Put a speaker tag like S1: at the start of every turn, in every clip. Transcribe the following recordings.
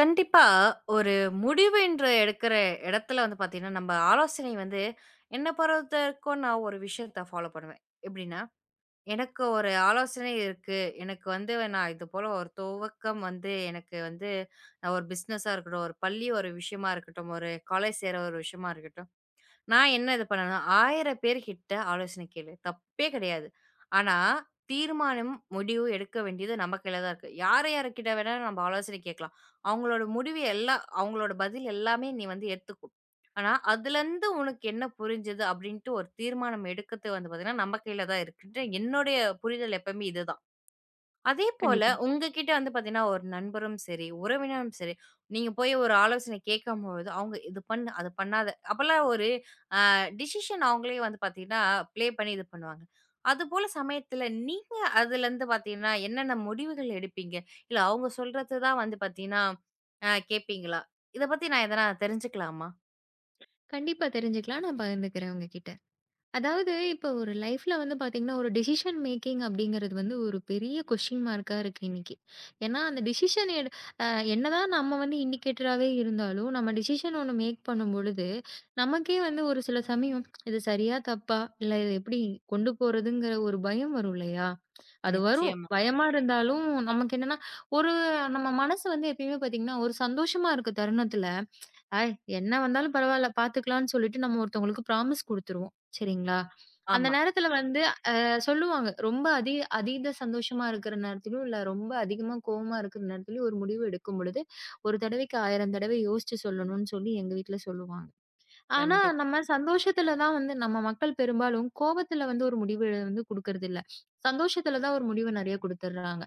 S1: கண்டிப்பா, ஒரு முடிவுன்ற எடுக்கிற இடத்துல வந்து பாத்தீங்கன்னா, நம்ம ஆலோசனை வந்து என்ன பொறுத்தவரைக்கும் நான் ஒரு விஷயத்த ஃபாலோப் பண்ணுவேன். எப்பிடின்னா எனக்கு ஒரு ஆலோசனை இருக்கு. எனக்கு வந்து நான் இது போல ஒரு துவக்கம் வந்து எனக்கு வந்து ஒரு பிஸ்னஷா இருக்கட்டும், ஒரு பள்ளி ஒரு விஷயமா இருக்கட்டும், ஒரு காலோஜ் சேர்ற ஒரு விஷயமா இருக்கட்டும் நான் என்ன இது பண்ணும்னா, 1000 பேருகிட்ட ஆலோசன கேளு. தப்பே கிடையாது. ஆனா தீர்மானம், முடிவு எடுக்க வேண்டியது நம்ம கையில தான் இருக்கு. யாரு யார்க்கிட்ட வேணா நம்ம ஆலோசனை கேட்கலாம். அவுங்களோட முடிவு எல்லாம் அவுங்களோட பதில் எல்லாமே நீ வந்து ஏத்துக்கோ! ஆனா, அதுல இருந்து உனக்கு என்ன புரிஞ்சது அப்பிடின்டு ஒரு தீர்மானம் எடுக்கிறது வந்து பார்த்தீங்கன்னா, நம்ம கையில தான் இருக்கு. என்னுடைய புரிதல் எப்பமே இதுதான். அதே போல
S2: கண்டிப்பா.
S1: உங்கக்கிட்ட வந்து பார்த்தீங்கன்னா, ஒரு நண்பரும் சரி, உறவினரும் சரி, நீங்கப் போயி ஒரு ஆலோசனை கேட்கும்பொழுது அவுங்க இது பண்ணு! அதப் பண்ணாத! அப்பிடிலாம் ஒரு ஆ டிஸிஷன் அவங்களே வந்து பார்த்தீங்கன்னா ப்ளே பண்ணி இது பண்ணுவாங்க. அது போல சமயத்துல நீங்க அதுல இருந்து பார்த்தீங்கன்னா என்னென்ன முடிவுகள் எடுப்பீங்க? இல்ல அவுங்க சொல்றத தான் வந்து பாத்தீங்கன்னா ஆ கேட்பீங்களா? இதப் பத்தி நான் எதனா தெரிஞ்சுக்கலாமா?
S2: கண்டிப்பா தெரிஞ்சுக்கலாம், நான் பகிர்ந்துக்குறேன் உங்ககிட்ட. அதாவது இப்ப ஒரு லைஃப்ல வந்து பாத்தீங்கன்னா, ஒரு டெசிஷன் மேக்கிங் அப்படிங்கறது வந்து ஒரு பெரிய கொஸ்டின் மார்கா இருக்கு இன்னைக்கு. ஏன்னா அந்த டெசிஷன் எடு அ என்னா தான் நம்ம வந்து இண்டிகேட்டராவே இருந்தாலும் நம்ம டெசிஷன் ஒண்ணு மேக் பண்ணும் பொழுது, நமக்கே வந்து ஒரு சில சமயம் இது சரியா? தப்பா? இல்ல இது எப்படி கொண்டு போறதுங்கற? ஒரு பயம் வரும் இல்லையா? அது வரும்.
S1: நிச்சயமா.
S2: பயமா இருந்தாலும், நமக்கு என்னான்னா ஒரு நம்ம மனசு வந்து எப்பவுமே பாத்தீங்கன்னா, ஒரு சந்தோஷமா இருக்க தருணத்துல அ என்னா வந்தாலும் பரவாயில்ல பாத்துக்கலாம்னு சொல்லிட்டு நம்ம ஒருத்தங்களுக்கு ப்ராமிஸ் குடுத்துருவோம். சரிங்களா? அந்த
S1: ஆமா.
S2: நேரத்துல வந்து, அ சொல்லுவாங்க. ரொம்ப அதிக-அதீத சந்தோஷமா இருக்கிற நேரத்திலயும், இல்ல ரொம்ப அதிகமா கோவமா இருக்க நேரத்திலயும் ஒரு முடிவு எடுக்கும் பொழுது, 1 தடவைக்கு 1000 தடவை யோசிச்சு சொல்லணும்ன்னு சொல்லி எங்க வீட்டுல சொல்லுவாங்க. ஆனா
S1: கண்டிப்பா.
S2: நம்ம சந்தோஷத்துல தான் வந்து நம்ம மக்கள் பெரும்பாலும் கோபத்துல வந்து ஒரு முடிவ எழுந்து குடுக்குறது இல்ல. சந்தோஷத்துல தான் ஒரு முடிவு நெறயா குடுத்துடுர்றாங்க.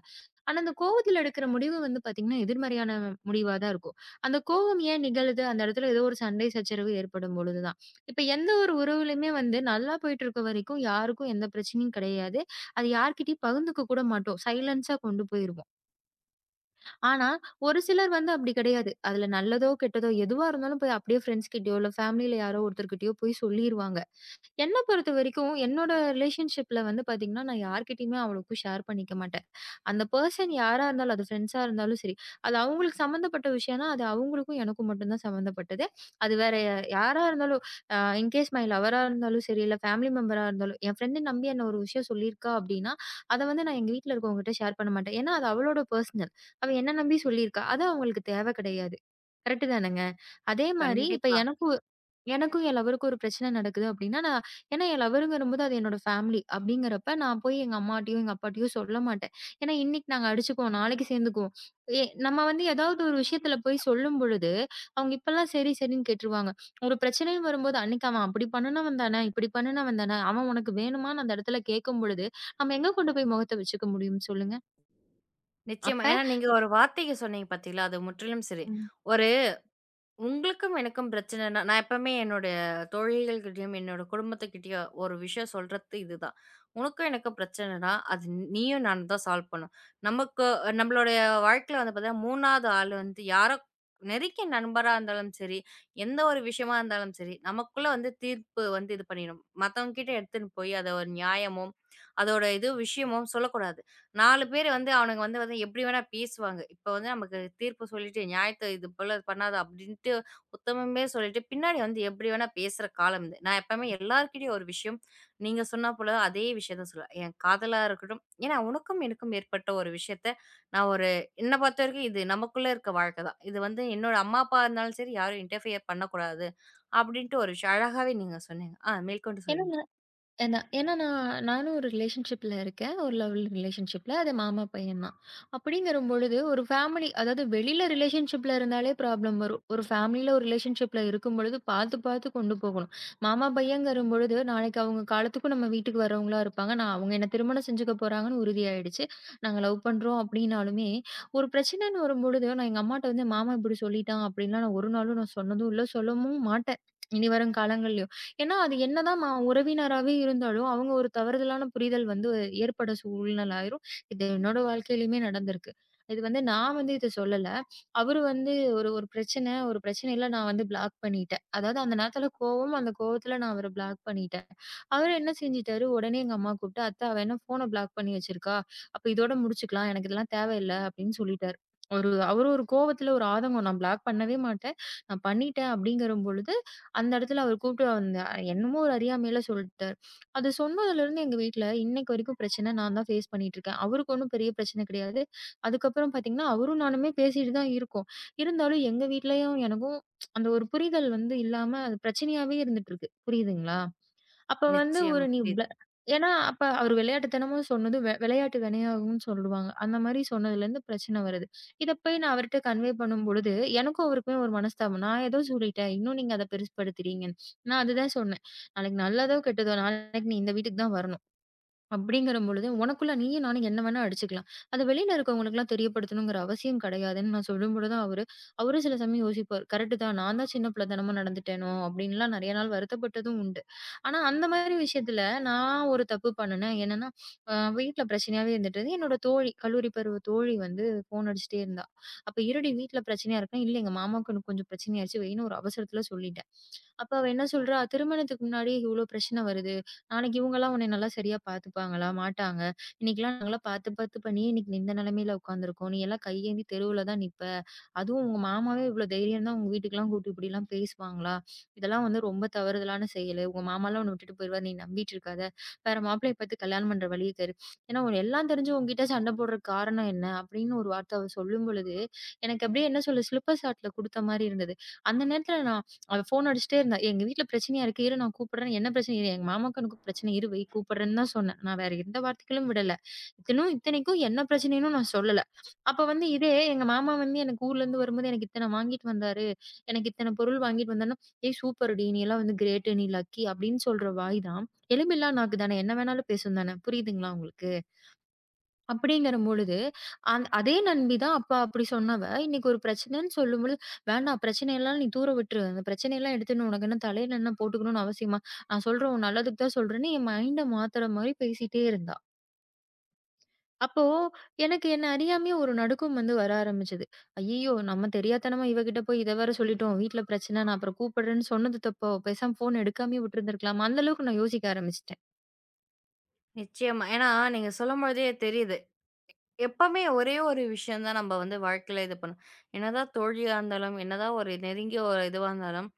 S2: ஆனா அந்த கோவத்துல எடுக்குற முடிவு வந்து பாத்தீங்கன்னா, எதிர்மறையான முடிவா தான் இருக்கும். அந்த கோபம் ஏன் நிகழுது? அந்த இடத்துல ஏதோ ஒரு சண்டை, சச்சரவு ஏற்படும்பொழுது தான். இப்ப எந்த ஒரு உறவுலயுமே வந்து, நல்லா போயிட்டு இருக்க வரைக்கும் யாருக்கும் எந்தப் பிரச்சனையும் கிடையாது. அதை யார்கிட்டயும் பகிர்ந்துக்க கூட மாட்டோம். சைலன்ஸா கொண்டு போயிருவோம். ஆனா ஒரு சிலர் வந்து அப்படி கிடையாது. அது நல்லதோ கெட்டதோ எதுவா இருந்தாலும் போய் அப்படியே ப்ரெண்ட்ஸ் கிட்டயோ, இல்ல பேமலில யாரோ ஒருத்தர்கிட்டயோ போய் சொல்லிருவாங்க. என்ன பொறுத்தவரைக்கும் என்னோட ரிலேஷன்ஷிப்ல வந்து பாத்தீங்கன்னா நான் யார்கிட்டயும் அவ்வளவு ஷேர் பண்ணிக்க மாட்டேன். அந்த பெர்சன் யாரா இருந்தாலும். அது ப்ரெண்ட்ஸ் இருந்தாலும் சரி. அது அவங்களுக்கு சம்பந்தப்பட்ட விஷயம். அது அவங்களுக்கும் எனக்கும் மட்டும் தான் சம்பந்தப்பட்டது. அது வேற அ யாரா இருந்தாலும் இன் கேஸ் மை லவ்வரா இருந்தாலும் சரி, இல்ல பேமலி மெம்பர் இருந்தாலும் என் ப்ரெண்ட் நம்பி ஒரு விஷயம் சொல்லியிருக்கா அப்படின்னா அதை வந்து எங்க வீட்டுல இருக்குறவங்க கிட்ட ஷேர் பண்ண மாட்டேன். ஏன்னா அது அவளோட பெர்சனல். அவ என்ன நம்பி சொல்லியிருக்கா? அது அவங்களுக்கு தேவை கிடையாது. கரெக்ட் தானுங்க. அதே மாரி இப்ப
S1: கண்டிப்பா.
S2: எனக்கு எனக்கும் என் லவ்வருக்கும் ஒரு பிரச்சனை நடக்குது, அப்படின்னா நான் என்ன என் லவ்வர் வரும்போது அது என்னோட பேமலி. அப்படிங்கறப்ப நான் போய் எங்க அம்மாட்டியும், அப்பாட்டியும் சொல்லமாட்டேன். ஏன்னா இன்னைக்கு நாங்க அடிச்சுக்கும் நாளைக்கு சேர்ந்துக்குவோம். நம்ம வந்து ஏதாவது ஒரு விஷயத்துல போய் சொல்லும்பொழுது, அவங்க இப்ப எல்லாம் சரி சரின்னு கேட்டுருவாங்க. ஒரு பிரச்சனை வரும்போது அன்னைக்கு அவ அப்படி பண்ணுனவன் தானே, இப்படி பண்ணுனவன்தான அவன் உனக்கு வேணுமான்னு அந்த இடத்துல கேக்கும்பொழுது நாம எங்க கொண்டு போய் முகத்த வச்சுக்க முடியும் சொல்லுங்க.
S1: நிச்சயமா
S2: அப்ப
S1: ஏன்னா நீங்க ஒரு வார்த்தைக சொன்னீங்க பார்த்தீங்களா, அது முற்றிலும் சரி.
S2: ம்.
S1: ஒரு உங்களுக்கும், எனக்கும் பிரச்சனைன்னா நான் எப்பவுமே என்னோடைய தோழிகள்கிட்டயும், என்னோட குடும்பத்துக்கிட்டயும் ஒரு விஷயம் சொல்றத்து இதுதான். உனக்கும் எனக்கும் பிரச்சனைன்னா அது நீயும் நானும் தான் சால்வ் பண்ணணும். நமக்கு நம்மளோட வாழ்க்கையில வந்து பார்த்தீங்கன்னா 3வது ஆள் வந்து யாரோ நெருங்கிய நண்பரா இருந்தாலும் சரி, எந்த ஒரு விஷயமா இருந்தாலும் சரி நமக்குள்ள வந்து தீர்ப்பு வந்து இது பண்ணிரும். மத்தவங்ககிட்ட எடுத்துனு போய் அது ஒரு நியாயமும் அதோட இதுவும் விஷயமும் சொல்லக் கூடாது. 4 பேர் வந்து அவனுங்க வந்து வந்து எப்படி வேணா பேசுவாங்க. இப்ப வந்து நமக்குத் தீர்ப்பு சொல்லிட்டு நியாயத்தை இது போலப் பண்ணாத அப்படின்டு உத்தமமே சொல்லிட்டு பின்னாடி வந்து எப்படி வேணா பேசுற காலம் இது. நான் எப்பவுமே எல்லார்கிட்டயும் ஒரு விஷயம் நீங்கச் சொன்ன போல அதே விஷயத்த தான் சொல்லுவேன். என் காதலா இருக்கட்டும் ஏன்னா உனக்கும், எனக்கும் ஏற்பட்ட ஒரு விஷயத்தை நான் ஒரு என்னைப் பொறுத்தவரைக்கும் இது நமக்குள்ள இருக்கற வாழ்க்கைதான். இது வந்து என்னோட அம்மா, அப்பா இருந்தாலும் சரி யாரும் இன்டெர்ஃப்பியர் பண்ணக் கூடாது அப்படின்டு ஒரு விஷயம். அழகாகவே நீங்கச் சொன்னீங்க. ஆ மேற்கொண்டு சொல்லுங்க.
S2: ஏன்னா ஏன்னா நானும் ஒரு ரிலேஷன்ஷிப்ல இருக்கேன். ஒரு லவ் ரிலேஷன்ஷிப்ல அது மாமா பையன் தான். அப்படிங்கிற பொழுது ஒரு ஃபேமலி அதாவது வெளியில ரிலேஷன்ஷிப்ல இருந்தாலே ப்ராப்ளம் வரும். ஒரு பேமலி ரிலேஷன்ஷிப்ல இருக்கும்போது பாத்து பாத்து கொண்டு போகணும். மாமா பையன்ங்கற பொழுது நாளைக்கு அவங்க காலத்துக்கும் நம்ம வீட்டுக்கு வர்றவங்களா இருப்பாங்க. அவங்க என்னை திருமணம் செஞ்சுக்க போறாங்கன்னு உறுதி ஆயிடுச்சு. நாங்க லவ் பண்றோம் அப்படின்னாலுமே, ஒரு பிரச்சனை வரும்பொழுது நான் எங்க அம்மாட்ட "மாமா இப்படி சொல்லிட்டான்." அப்படின்னு ஒரு நாளும் நான் சொன்னதும் இல்ல. சொல்லவும் மாட்டேன். இனி வரும் காலங்களிலேயும். ஏன்னா அது என்னதான் உறவினராவே இருந்தாலும், அவங்க ஒரு தவறான புரிதல் வந்து ஏற்பட சூழ்நிலை ஆயிரும். இது என்னோட வாழ்க்கையிலமே நடந்திருக்கு. இது வந்து, நான் வந்து இதைச் சொல்லல. அவரு வந்து ஒரு பிரச்சனை ஒரு பிரச்சனையில நான் வந்து ப்ளாக் பண்ணிட்டேன். அதாவது அந்த நேரத்துல கோவம். அந்தக் கோவத்துல நான் அவர ப்ளாக் பண்ணிட்டேன். அவரு என்ன செஞ்சிட்டாரு. உடனே எங்க அம்மா கூப்ட்டு, "அத்தை அவ என்ன ஃபோன ப்ளாக் பண்ணி வச்சிருக்கா. அப்ப இதோட முடிச்சுக்கலாம். எனக்கு இதெல்லாம் தேவை இல்ல." அப்படின்னு சொல்லிட்டார். அவரு அவரு ஒரு கோவத்துல ஒரு ஆதங்கம். நான் ப்ளாக் பண்ணவே மாட்டேன். நான் பண்ணிட்டேன் அப்படிங்கிற பொழுது அந்த இடத்துல அவர் கூப்ட்டு வந்து அ என்னமோ ஒரு அறியாமையில சொல்லட்டார். அதைச் சொன்னதிலிருந்து எங்க வீட்டுல இன்னைக்கு வரைக்கும் பிரச்சனை. நான் தான் ஃபேஸ் பண்ணிட்டு இருக்கேன். அவருக்கு ஒண்ணும் பெரிய பிரச்சனை கிடையாது. அதுக்கப்புறம் பாத்தீங்கன்னா அவரும் நானும் பேசிட்டு தான் இருக்கோம். இருந்தாலும் எங்க வீட்டுலயும் எனக்கும் அந்த ஒரு புரிதல் வந்து இல்லாம அது பிரச்சனையாவே இருந்துட்டு இருக்கு. புரியுதுங்களா? அப்போ வந்து
S1: நிச்சயம்.
S2: ஒரு நீ
S1: இது
S2: ஏன்னா அப்ப அவரு விளையாட்டுத்தனமா சொன்னது விளையாட்டு வினையாகும்னு சொல்லுவாங்க. அந்த மாதிரி சொன்னதிலிருந்து பிரச்சனை வருது. இத போய் நான் அவர்கிட்ட கன்வே பண்ணும்பொழுது எனக்கும் அவருக்குமே ஒரு மனஸ்தாபம். நான் ஏதோ சொல்லிட்டேன். இன்னும் நீங்க அத பெருசுபடுத்துறீங்க. நான் அது தான் சொன்னேன். நல்லதோ கெட்டதோ நான் இந்த வீட்டுக்கு தான் வரணும். அப்படிங்கிறபொழுது, உனக்குள்ள நீயும் நானும் என்ன வேணா அடிச்சுக்கலாம். அத வெளியில இருக்கறவங்களுக்கு எல்லாம் தெரியப்படுத்தணும்ங்கிற அவசியம் கிடையாதுன்னு நான் சொல்லும்பொழுதுதான் அவரு அவரும் சில சமயம் யோசிப்பாரு. "கரெக்டா நான் தான் சின்னப் பிள்ளைத்தனமா நடந்துட்டேனோ" அப்படி எல்லாம் நிறைய நாள் வருத்தப்பட்டதும் உண்டு. ஆனா அந்த மாரி விஷயத்துல நான் ஒரு தப்பு பண்ணுனேன். என்னன்னா, வீட்டுல பிரச்சனாவே இருந்திட்டு என்னோட தோழி, கல்லூரி பருவ தோழி வந்து ஃபோன் அடிச்சிட்டே இருந்தா. அப்ப இருடி வீட்டுல பிரச்சனை இருக்கு. இல்ல எங்க மாமாக்கு இன்னும் கொஞ்சம் பிரச்சனை ஆயிருச்சு. வைன்னு ஒரு அவசரத்துல சொல்லிட்டேன். அப்ப அவ என்ன சொல்றா, "திருமணத்துக்கு முன்னாடியே இவ்வளவு பிரச்சனை வருது. நாளைக்கு இவங்க எல்லாம் உன்னை நல்லா சரியா பாத்துப்பாங்களா, மாட்டாங்க. இன்னைக்கு எல்லாம் நல்லா பாத்து பாத்துப்பா நீ இன்னைக்கு இந்த நிலைமையில உக்காந்துருக்கோம். நீ எல்லாம் கை ஏந்தி தெருவில தான் நிப்ப. அதுவும் உங்க மாமாவே இவ்வளவு தைரியம் இருந்தா உங்க வீட்டுக்கெல்லாம் கூட்டு இப்படி எல்லாம் பேசுவாங்களா? இதெல்லாம் வந்து ரொம்ப தவறுதான செயலு. உங்க மாமா எல்லாம் உன்ன விட்டுட்டு போயிருவாரு. நீ நம்பிட்டு இருக்காத. வேற மாப்பிள்ளைய பத்தி கல்யாணம் பண்ற வழி தேடு. ஏன்னா உன்னை எல்லாம் தெரிஞ்சு உன்கிட்ட சண்டை போடுற காரணம் என்ன?" அப்படின்னு ஒரு வார்த்தை அவ சொல்லும்பொழுது எனக்கு அப்படியே என்ன சொல்றது சிலிப்பர் ஷாட் கொடுத்த மாரி இருந்தது. அந்த நேரத்துல நான் அவ ஃபோன் அடிச்சிட்டே இருந்தா. "எங்க வீட்டுல பிரச்சனை இருக்கு இரு நான் கூப்பிடறேன்" "என்ன பிரச்சனை?" "எங்க மாமாக்கு இன்னும் பிரச்சனை இருக்கு வை கூப்பிடறேன்னு தான் சொன்னேன். நான் வேற எந்த வார்த்தைகளும் விடல. இன்னும் இத்தனைக்கும் என்ன பிரச்சனைன்னு நான் சொல்லல. அப்ப வந்து இதே எங்க மாமா வந்து என்ன ஊர்ல இருந்து வரும்போது எனக்கு இத்தனை வாங்கிட்டு வந்தாரு. எனக்கு இத்தனை பொருள் வாங்கிட்டு வந்தா, "ஹேய் சூப்பர்டி நீ எல்லாம் வந்து கிரேட் நீ லக்கி" அப்படின்னு சொல்ற வாய் தான். எலும் இல்லா நாக்கு தான. என்ன வேணாலும் பேசும் தான. புரியுதுங்களா உங்களுக்கு? அப்படிங்கிற பொழுது அந் அதே நண்பி தான். அப்ப அப்படி சொன்னவ இன்னைக்கு ஒரு பிரச்சனைன்னு சொல்லும்பொழுது, "வேண்டாம் பிரச்சனை எல்லாம் நீ தூர விட்டுரு. அந்தப் பிரச்சனை எல்லாம் எடுத்திட்டு உனக்கு என்ன தலையில என்ன போட்டுக்கணும்னு அவசியமா? நான் சொல்றேன் உன் நல்லதுக்கு தான் சொல்றேன்னு" என் மைண்ட் மாத்துற மாரி பேசிட்டே இருக்கா. அப்போ எனக்கு என்ன அறியாமயே ஒரு நடுக்கம் வந்து வர ஆரம்பிச்சது. ஐயய்யோ! நம்ம தெரியாத்தனமா இவகிட்ட போய் இத வேற சொல்லிட்டோம். வீட்டுல பிரச்சனைன்னா, அப்புறம் கூப்பிடறேன்னு சொன்னது தப்போ? பேசாம ஃபோன் எடுக்காமயே விட்டு இருந்திருக்கலாம். அந்த அளவுக்கு நான் யோசிக்க ஆரம்பிச்சிட்டேன்.
S1: நிச்சயமா. ஏன்னா நீங்க சொல்லும் போழுதே தெரியுது. எப்பமே ஒரே ஒரு விஷயம் தான் நம்ம வந்து வாழ்க்கையில இது பண்ணோம். என்னதான் தோழியா இருந்தாலும், என்னதான் ஒரு நெருங்கிய ஒரு இதுவாருந்தாலும்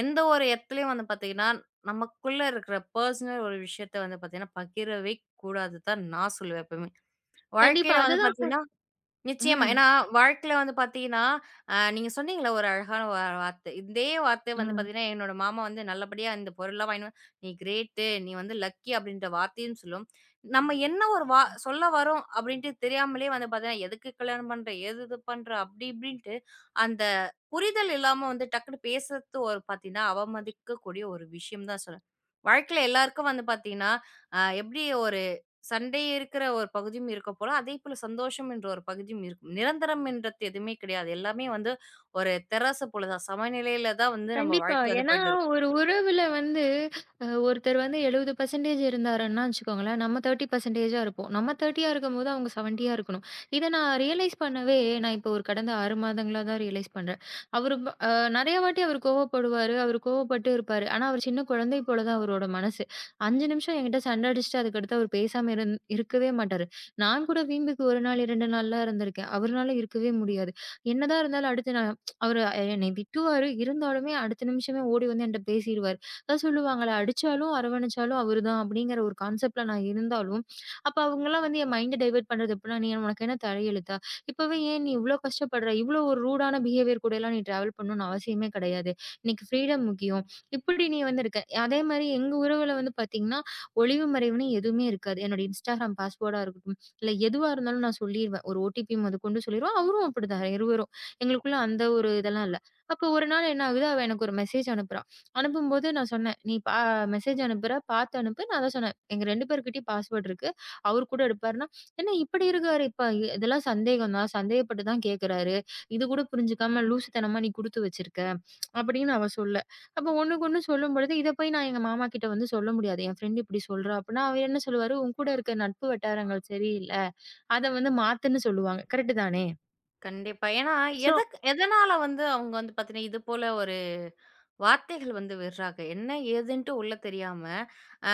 S1: எந்த ஒரு எத்தலயும் நமக்குள்ள இருக்குற பெர்சனல் ஒரு விஷயத்தப் பகிரவேக் கூடாதுதான். நான் சொல்லுவேன்.
S2: கண்டிப்பா
S1: வாழ்க்கையில
S2: அது
S1: வந்து
S2: தான்.
S1: பாத்தீங்கன்னா நிச்சயமா.
S2: ம்.
S1: ஏன்னா வாழ்க்கையில வந்து பாத்தீங்கன்னா அ நீங்க சொன்னீங்கல்ல ஒரு அழகான ஒரு வார்த்தை. இதே வார்த்தை வந்து
S2: ம்.
S1: என்னோட மாமா வந்து நல்லபடியா இந்தப் பொருள் எல்லாம் வாங்கினூ நீ க்ரேட். நீ வந்து லக்கி அப்டின்ற வார்த்தையும் சொல்லும். நம்ம என்ன சொல்ல வர்றோம் அப்டின்னு தெரியாமலே வந்து பாத்தீங்கன்னா எதுக்கு கல்யாணம் பண்ற, எது பண்ற அப்டி இப்டின்னுட்டு அந்தப் புரிதல் இல்லாம டக்குன்னு பேசுறது பாத்தீங்கன்னா அவமதிக்கக்கூடிய ஒரு விஷயம் தான்னு சொல்வேன். வாழ்க்கையில எல்லாருக்கும் வந்து பாத்தீங்கன்னா அ எப்டி ஒரு சண்டை இருக்கிற ஒரு பகுதியும் இருக்கப்போக அதே சந்தோஷம் என்ற ஒரு பகுதியும் இருக்கும். நிரந்தரம் என்றது எதுவுமே கெடயாது. எல்லாமே வந்து ஒரு தராசு போலச் சமநெலயில தான் வந்து நம்ம
S2: கண்டிப்பா.
S1: வாழ்க்க வந்து
S2: ஏன்னா,
S1: போயிட்டு இருக்கும்.
S2: ஒரு உறவுல வந்து ஒருத்தர் வந்து 70% இருந்தாருன்னா, வச்சுக்கோங்களேன், நம்ம 30% இருப்போம். நம்ம 30 ஆ இருக்கும்போது, அவங்க 70 ஆ இருக்கணும். இத நான் ரியலைஸ் பண்ணவே நான் இப்போ ஒரு கடந்த 6 மாதங்களா தான் ரியலைஸ் பண்றன். அவரு அ நெறைய வாட்டி அவரு கோவப்படுவாரு. அவரு கோவப்பட்டு இருப்பாரு. ஆனா, ஒரு சின்னக் கொழந்தை போலதான் அவரோட மனசு. 5 நிமிஷம் என்கிட்ட சண்ட அடிச்சிட்டு, அதுக்கு அடுத்து அவரு பேசாம இருந்து இருக்கவே மாட்டாரு. நான் கூட வீம்புக்கு 1 நாள், 2 நாள்லாம் இருந்திருக்கேன். அவரனால இருக்கவே முடியாது. என்னதான் இருந்தாலும், அடுத்து அவரு என்னை திட்டுவாரு. இருந்தாலுமே, அடுத்த நிமிஷமே ஓடி வந்து என்கிட்ட பேசிருவாரு. அதான் சொல்லுவாங்களே, அடிச்சாலும் அரவணைச்சாலும் அவரு தான் அப்டிங்கிற ஒரு கான்செப்ட் ல நான் இருந்தாலும். அப்ப அவங்க எல்லாம் வந்து என் மைண்ட் டைவர்ட் பண்றது எப்டின்னா, "உனக்கு என்ன தலையெழுத்தா? இப்பவே ஏன் நீ இவ்ளோ கஷ்டப்படுற? இவ்ளோ ஒரு ரூட் ஆன பிகேவியர் கூட எல்லாம் நீ டிராவல் பண்ணும் அவசியமே கெடயாது. இன்னைக்கு ஃபிரீடம் முக்கியம். இப்டி நீ வந்து இருக்க." அதே மாதிரி எங்க உறவுல வந்து பாத்தீங்கன்னா, ஒளிவு மறைவுன்னு எதுவுமே இருக்காது. என்னோட Instagram பாஸ்வேர்ட் ஆ இருக்கட்டும், இல்ல எதுவா இருந்தாலும் நான் சொல்லிருவேன். ஒரு ஓ. ட்டி. ப்பி. வும் அது கொண்டு சொல்லிருவேன். அவரும் அப்படி தான். இருவரும். எங்களுக்குள்ள அந்த ஒரு இதெல்லாம் இல்ல. அப்ப ஒரு நாள் என்ன ஆகுது, அவ எனக்கு ஒரு மெசேஜ் அனுப்புறா. அனுப்பும்போது நான் சொன்னேன். "நீ மெசேஜ் அனுப்புற, பாத்து அனுப்பு." நான் தான் சொன்னேன். "எங்க 2 பேருகிட்டயும் பாஸ்வேர்ட் இருக்கு. அவர் கூட எடுப்பாருன்னா என்ன இப்டி இருக்காரு? இதெல்லாம் சந்தேகம்தான். சந்தேகப்பட்டுதான் கேக்குறாரு. இது கூடப் புரிஞ்சுக்காம லூசுத்தனமா நீ குடுத்து வச்சிருக்க." அப்டின்னு அவ சொல்ல. அப்ப ஒண்ணுக்கொண்ணு சொல்லும்பொழுது, இத போய் நான் எங்க மாமா கிட்ட வந்து சொல்ல முடியாது. என் ஃப்ரெண்ட் இப்டி சொல்றா அப்பன்னா அவரு என்ன சொல்லுவாரு? "உன் கூட இருக்க நட்பு வட்டாரங்கள் சரியில்ல. அத வந்து மாத்து."ன்னு சொல்லுவாங்க. கரெக்ட் தானே?
S1: கண்டிப்பா. ஏன்னா
S2: ஸோ
S1: எதுக் எதன்னால வந்து அவங்க வந்து பாத்தீங்கன்னா இது போல ஒரு வார்த்தைகள் வந்து விடுறாக. என்ன எதுன்னு உள்ள தெரியாம ஆ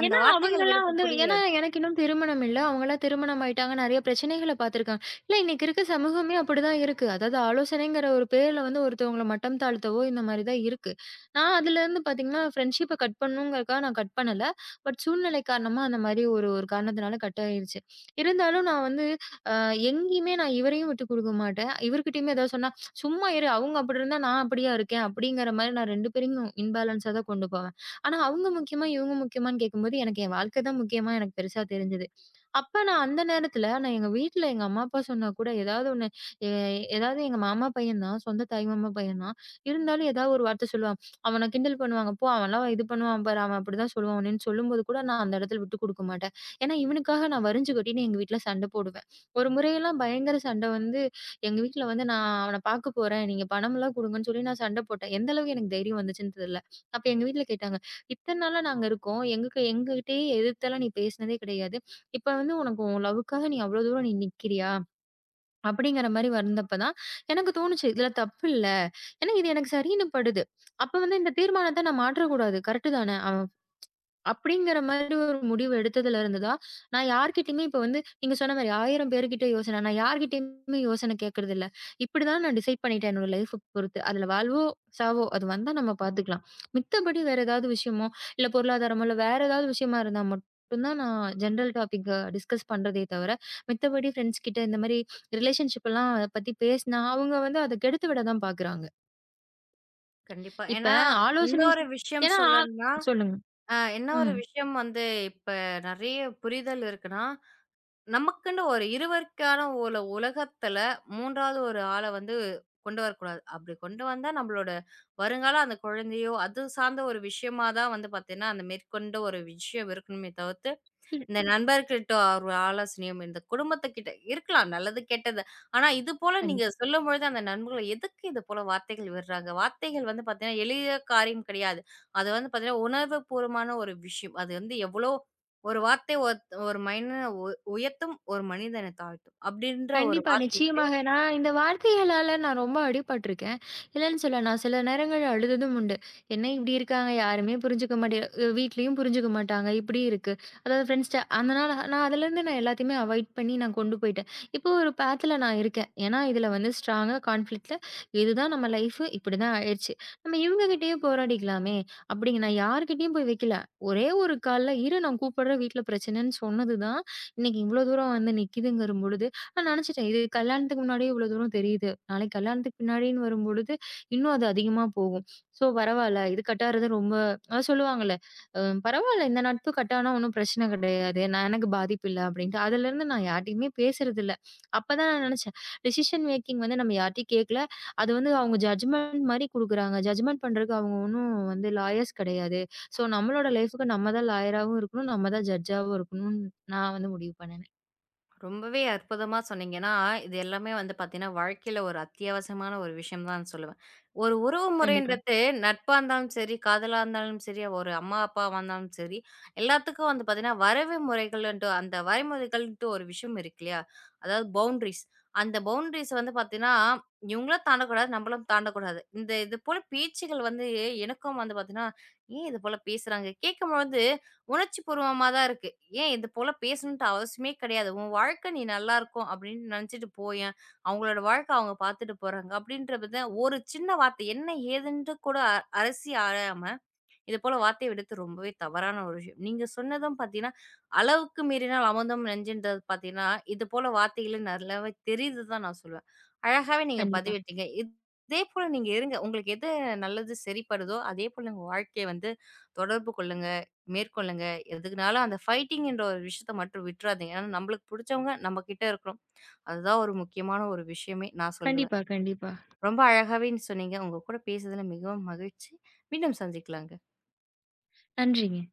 S1: அந்த
S2: ஏன்னா
S1: வார்த்தைகள்
S2: அவங்கல்லாம்
S1: விடறது
S2: வந்து, ஏன்னா
S1: புரியாது.
S2: எனக்கு இன்னும் திருமணம் இல்ல. அவங்க எல்லாம் திருமணம் ஆயிட்டாங்க. நெறைய பிரச்சனைகள பாத்துருக்காங்க. இல்ல, இன்னைக்கு இருக்குற சமூகமே அப்டித்தான் இருக்கு. அதாவது, ஆலோசனைங்கிற ஒரு பேர்ல வந்து ஒருத்தவங்கள மட்டம் தாழ்த்தவோ, இந்த மாரி தான் இருக்கு. நான் அதுல இருந்து பாத்தீங்கன்னா ஃபிரண்ட்ஷிப் கட் பண்ணனும்ங்கறதுக்காக நான் கட் பண்ணல. பட் சூழ்நிலை காரணமா, அந்த மாதிரி ஒரு ஒரு காரணத்துனால கட் ஆயிருச்சு. இருந்தாலும், நான் வந்து அ எங்கயுமே நான் இவரையும் விட்டுக் குடுக்க மாட்டேன். இவர்கிட்டயும் எதாவது சொன்னா, "சும்மா இரு. அவங்க அப்டிருந்தா நான் அப்டியா இருக்கேன்." அப்டிங்கிற மாதிரி நான் 2 பேரையும் இம்பாலண்ஸ் ஆ தான் கொண்டு போவேன். ஆனா, அவங்க முக்கியமா, இவங்க முக்கியமான்னு கேக்கும்போது, எனக்கு என் வாழ்க்கை தான் முக்கியமா எனக்குப் பெருசா தெரிஞ்சுது. அப்போ நான் அந்த நேரத்துல, நான் எங்க வீட்டுல எங்க அம்மா அப்பா சொன்னாக்கூட ஏதாவது ஒண்ணு, ஏதாவது எங்க மாமா பையன் தான், சொந்த தாய் மாமா பையன் தான். இருந்தாலும், ஏதாவது ஒரு வார்த்தை சொல்லுவான். "அவனைக் கிண்டல் பண்ணுவாங்க. போ, அவன் எல்லாம் இது பண்ணுவான். பாரு, அவன் அப்டி தான் சொல்லுவான்." அப்டின்னு சொல்லும்பொழுது கூட, நான் அந்த இடத்துல விட்டுக் குடுக்க மாட்டேன். ஏன்னா, இவனுக்காக நான் வரிஞ்சு கட்டிட்டு எங்க வீட்டுல சண்ட போடுவேன். ஒரு முறை எல்லாம் பயங்கர சண்ட வந்து எங்க வீட்டுல வந்து, நான் அவன பாக்க போறேன். நீங்கப் பணம் எல்லாம் குடுங்கன்னு சொல்லி நான் சண்ட போட்டேன். எந்த அளவுக்கு எனக்குத் தைரியம் வந்துச்சுன்னு தெரியல. அப்போ எங்க வீட்டுல கேட்டாங்க. "இத்தன நாளா நாங்க இருக்கோம். எங்களுக்கு எங்ககிட்டே எதிர்த்தலா நீ பேசுனதே கெடயாது. இப்ப வந்து உனக்கு உன் லவ்க்காக நீ அவ்ளோ தூரம் நீ நிக்கறியா?" அப்டிங்கிற மாரி வந்தப்பதான் எனக்குத் தோணுச்சு. இதுல தப்பு இல்ல. எனக்கு இது எனக்குச் சரின்னு படுது. அப்ப வந்து இந்தத் தீர்மானத்த நான் மாற்றக் கூடாது. கரெக்ட் தானே? அ அப்டிங்கிற மாரி ஒரு முடிவு எடுத்ததுல இருந்து தான் நான் யார்கிட்டயுமே இப்ப வந்து நீங்க சொன்ன மாரி 1000 பேருகிட்ட யோசனை, நான் யார்கிட்டயும் யோசனை கேக்குறது இல்ல. இப்டி தான் நான் டிசைட் பண்ணிட்டேன். என்னோட லைஃப் பொறுத்து. அதுல வாழ்வோ சாவோ, அத வந்தா நம்ம பாத்துக்கலாம். மித்தபடி, வேற ஏதாவது விஷயமோ இல்ல பொருளாதரமோ, இல்ல வேற ஏதாவது விஷயமா இருந்தா மட்டும்தான் நான் ஜெனரல் டாபிக் டிஸ்கஸ் பண்றதே தவிர, மித்தபடி ஃபிரண்ட்ஸ் கிட்ட இந்த மாதிரி ரிலேசன்ஷிப் எல்லாம் அதப் பத்தி பேசுனா, அவங்க வந்து அத கெடுத்துவிடதான் பாக்குறாங்க.
S1: கண்டிப்பா.
S2: இப்ப
S1: ஏன்னா
S2: ஆலோசனை
S1: இன்னொரு ஒரு
S2: செய்
S1: விஷயம்
S2: ஏன்னா
S1: சொல்லணுன்னா,
S2: சொல்லுங்க.
S1: அ என்ன ஒரு
S2: ம்.
S1: விஷயம் வந்து இப்ப நிறைய புரிதல் இருக்குன்னா, நமக்குன்னு ஒரு இருவருக்கான உல உலகத்துல 3 வது ஒரு ஆள வந்து கொண்டு வரக் கூடாது. அப்பிடி கொண்டு வந்தா நம்மளோட வருங்கால அந்தக் குழந்தையோ! அது சார்ந்த ஒரு விஷயமா தான் வந்து பாத்தீங்கன்னா, அந்த மேற்கொண்டு ஒரு விஷயம் இருக்கணுமே தவிர்த்து
S2: ம்.
S1: இந்த நண்பர்கள்ட்ட ஒரு ஆலோசனையும், இந்தச் குடும்பத்துக்கிட்ட இருக்கலாம். நல்லது கெட்டது ஆனா, இது போல
S2: கண்டிப்
S1: நீங்கச் சொல்லும்பொழுது, அந்த நண்பர்கள் எதுக்கு இதுபோல வார்த்தைகள் விடுறாங்க? வார்த்தைகள் வந்து பாத்தீங்கன்னா எளிய காரியம் கிடையாது. அது வந்து பாத்தீங்கன்னா உணர்வுபூர்வமான ஒரு விஷயம். அது வந்து எவ்ளோ ஒரு வார்த்தை ஒத் ஒரு மனிதன உ உயர்த்தும். ஒரு மனிதனைத் தாழ்த்தும் அப்பிடின்ற ஒரு
S2: கண்டிப்பா.
S1: வார்த்தைக்கு
S2: நிச்சயமாக. நான் இந்த வார்த்தைகளால நான் ரொம்ப அடிபட்டு இருக்கேன். இல்லேன்னு சொல்ல நான் சில நேரங்கள்ல அழுததும் உண்டு. என்ன இப்பிடி இருக்காங்க. யாருமே புரிஞ்சுக்க மாட்டே அ வீட்லயும் புரிஞ்சுக்க மாட்டாங்க. இப்பிடி இருக்கு. அதாவது ஃபிரண்ட்ஸ்ட்ட அந்தனா நான் அதுல இருந்து நான் எல்லாத்தையுமே அவாயிட் பண்ணி நான் கொண்டு போயிட்டேன். இப்போ ஒரு பாத்ல நான் இருக்கேன். ஏன்னா, இதுல வந்து ஸ்ட்ராங்க கான்ஃபிலிக்ட் இது தான் நம்ம லைஃப் இப்பிடி தான் ஆயிருச்சு. நம்ம இவுங்க கிட்டயே போராடிக்கலாமே! அப்பிடின்னு நான் யார்கிட்டயும் போய் வெக்கல. ஒரே ஒரு கால்ல இரு நான் கூப்பிடுறேன். வீட்ல பிரச்சனைன்னு சொன்னது தான் இன்னக்கி இவ்ளோ தூரம் வந்து நிக்குதுங்கம்பொழுது நான் நினைச்சுட்டேன். இது கல்யாணத்துக்கு முன்னாடி இவ்ளோ தூரம் தெரியுது. நாளைக்கு கல்யாணத்துக்கு பின்னாடின்னு வரும்பொழுது, இன்னும் அது அதிகமா போகும். ஸோ பரவாயில்ல. இது கட் ஆகுறது ரொம்ப அ சொல்லுவாங்கல்ல அ பரவாயில்ல இந்த நட்பு கட் ஆனா ஒண்ணும் பிரச்சனை கிடையாது. நான் எனக்கு பாதிப்பு இல்ல அப்பிடின்டு. அதுல இருந்து நான் யார்கிட்டயும் பேசுறது இல்ல. அப்பத் தான் நான் நினைச்சேன். டிசிஷன் மேக்கிங் வந்து நம்ம யார்ட்டயும் கேக்கல. அது வந்து அவுங்க ஜட்ஜ்மெண்ட் மாரி குடுக்குறாங்க. ஜட்ஜ்மெண்ட் பண்றதுக்கு அவுங்க ஒண்ணும் லாயர்ஸ் கிடையாது ஸோ நம்மளோட லைஃப்க்கு நம்ம தான் லாயராவும் இருக்கணும். நம்ம தான் ஜட்ஜாவும் இருக்கணுன், நான் வந்து முடிவு பண்ணுனேன்.
S1: ரொம்பவே அற்புதமா சொன்னீங்க. ஏன்னா, இது எல்லாமே வந்து பாத்தீங்கன்னா வாழ்க்கையில ஒரு அத்தியாவசியமான ஒரு விஷயம் தான் சொல்லுவேன். ஒரு உறவு
S2: கண்டிப்பா.
S1: முறைன்றது நட்பு இருந்தாலும் சரி, காதலா இருந்தாலும் சரி, ஒரு அம்மா, அப்பாவா வந்தாலும் சரி, எல்லாத்துக்கும் வந்து பாத்தீங்கன்னா வரைவு முறைகள்ன்ற, அந்த வரைமுறைகள்ன்டு ஒரு விஷயம் இருக்கு இல்லயா! அதாவது பவுண்ட்ரீஸ் அந்த பவுண்ட்ரீஸ வந்து பாத்தீங்கன்னா, இவுங்களும் தாண்டக் கூடாது. நம்மளும் தாண்டக் கூடாது. இந்த இதுபோலப் பேச்சுகள் வந்து எனக்கும் வந்து பாத்தீங்கன்னா, ஏன் இதுபோலப் பேசுறாங்க? கேட்கும் போது உணர்ச்சி பூர்வமா தான் இருக்கு. ஏன் இதுபோலப் பேசணுன்டு அவசியமே கிடையாது. உன் வாழ்க்கை நீ நல்லா இருக்கும் அப்பிடின்னு நினைச்சுட்டு போய்யேன். அவுங்களோட வாழ்க்கை அவுங்க பாத்துட்டு போறாங்க, அப்பிடின்ற வித ஒரு சின்ன வார்த்தை என்னை ஏதுன்ற கூட அலசி ஆராயாம, இதுபோல வார்த்தை விடுத்து ரொம்பவே தவறான ஒரு விஷயம். நீங்கச் சொன்னதும் பார்த்தீங்கன்னா, "அளவுக்கு மீறினால் அமிர்தமும் நஞ்சுன்றது" பார்த்தீங்கன்னா இதுபோல வார்த்தைகள் நல்லாவே தெரியுது தான் நான் சொல்லுவேன். அழகாக நீங்கப்
S2: கண்டிப்பா.
S1: பதிவிட்டீங்க, இதேபோல நீங்க இருங்க. உங்களுக்கு எது நல்லது சரிப்படுதோ! அதேபோல உங்க வாழ்க்கைய வந்து தொடர்பு கொள்ளுங்க. மேற்கொள்ளுங்க. எதுக்குன்னாலும் அந்த ஃபைட்டிங்கின்ற ஒரு விஷயத்த மட்டும் விட்றாதீங்க. ஆனா நம்மளுக்கு புடிச்சவங்க நம்மக்கிட்ட இருக்கணும். அது தான் ஒரு முக்கியமான ஒரு விஷயமே! நான் சொல்லுவேன்.
S2: கண்டிப்பா, கண்டிப்பா.
S1: ரொம்ப அழகாக நீங்கச் சொன்னீங்க. உங்க கூடப் பேசுனதுல மிகவும் மகிழ்ச்சி. மீண்டும் சந்திக்கலாங்க.
S2: நன்றிங்க.